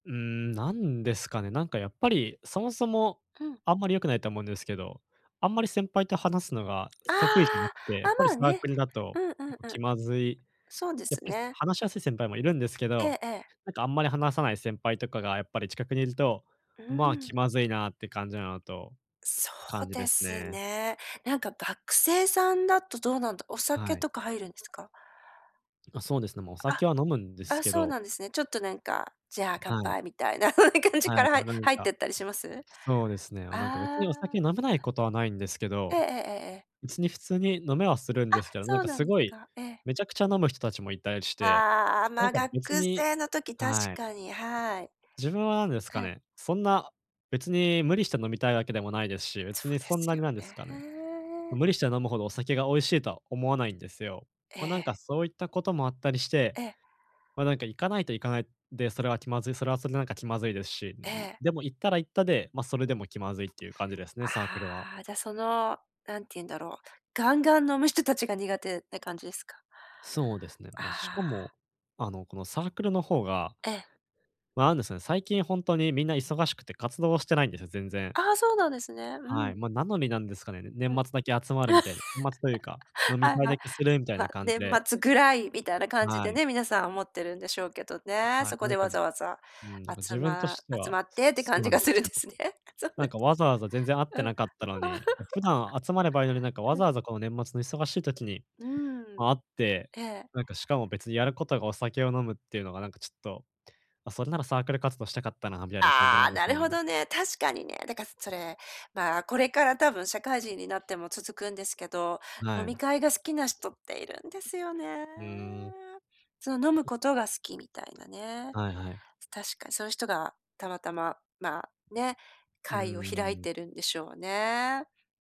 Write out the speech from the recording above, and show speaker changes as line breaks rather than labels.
うーん、なんですかね。なんかやっぱり、そもそも、
うん。
あんまり良くないと思うんですけど。あんまり先輩と話すのが、
あ
す得意じゃなくて。やっ
あ、あ、
ぱり
まあ
サー
ね。
クルだと、
うん、う
結
ん、
構
う
気
ん。
まずい
そうで
やっ
す
ぱり
ね。
話しやすい先輩もいるんですけ
え
ど、
えええ。
なんかあんまり話さない先輩とかが、やっぱり近くにいると、
うー
まあ、
ん。
気まずいなって感じなのと
そ
感
う
じで
で
す
す
ね。
ね。なんか学生さんだと、どうなんだ、お酒
はい。
とか入るんですか？
あ、そうですね。もうお酒は飲むんで
あ、
す
あ、
け
そう
ど
なんですね。ちょっとなんか、じゃあ乾
はい。
杯みたいな 感じ
は
か
い、
らは
よ
い
なるん
入って
か、
ったりします？
そうですね。なんか別
あ
に、お
あ。
酒飲めないことはないんですけ
あ、ええ
ど、
ええええええ。
別に普通に飲めはするんで
あ、
すけど、な
そ
ん
う
か
なん
す
で
ご
す
い、
か。ええ。
めちゃくちゃ飲む人たちもいたりして、
ああ、
な
ま
ん
あ、
か
学
別に
生の時、確
はい。
かに。はい。
自分はなんですか
[unintelligible]
ね。そんな別に無理して、飲みたいわけでもないですし。
そ
別に
うで
そんな
す
に、
よ
なんですかね。
ね。
無理して飲むほど、お酒が美味しいとは思わないんですよ。
え
ま、なん
え。
かそういったこともあったりして、
ええ。
ま、なんか行かないと行かないで、それは気まずいそれはそれで、なんか気まずいですし。
え
んみ
え。
でも行ったら行ったで、ま、それでも気まずいっていう感じですね、サークルは。
ああ。じゃ、その、なんていうんだろう、ガンガン飲む人たちが、苦手って感じですか？
そうですね。
あ
ま、
あ
しか
ああ。
も、あの、このサークルの方が、
ええ。
ま、なんですね、最近ほんとにみんな忙しくて、活動してないんですよ、全然。
ああ、そうなんですね。う
はい、
ん。
ま、なのになんですかね、
う
年
ん。
末だけ集まるみた いな。年末というか、飲み
はい
会
はい。
だけするみたい
ま、
な感じ
年
で。
末ぐらいみたいな感じ
は
で
い。
ね、皆さん思ってるんでしょうけどね。
はい、
そこ
な
で
んか、
わ
じ
ざわざ、
うん。なん
あ
か
つ
自分と
ま
して
集
は、
まってって
そそ
感
う
じ
なん
が
で
す
す
るん
け
で
ど。
すね。そうなん
な
で
んか
す
わざわざ全然会っ
か。
て
うん。
なかったのに、普段集まればいいのに、なんか わ
はい。
ざわざ、この年末の忙しい時に
うーん、
会って、
ええ。
なんかしかも別にやることが、お酒を飲むっていうのが、なんかちょっと、ま、それならサークル活動したかったな、みたいな感じ
あ
なん
あ、
で
な
すよ
る
ね。
ほどね、確かにね。だからそれ、まあ、これから多分、社会人になっても続くんですけど。
は
飲み
い。
会が好きな人っているんですよね。
うーん。
その飲む
[unintelligible]
ことが好きみたいなね。
はいはい。
確かそういう人が、たまたま、まあ、ね、
うー
会を開い
ん。
てるんでしょうね。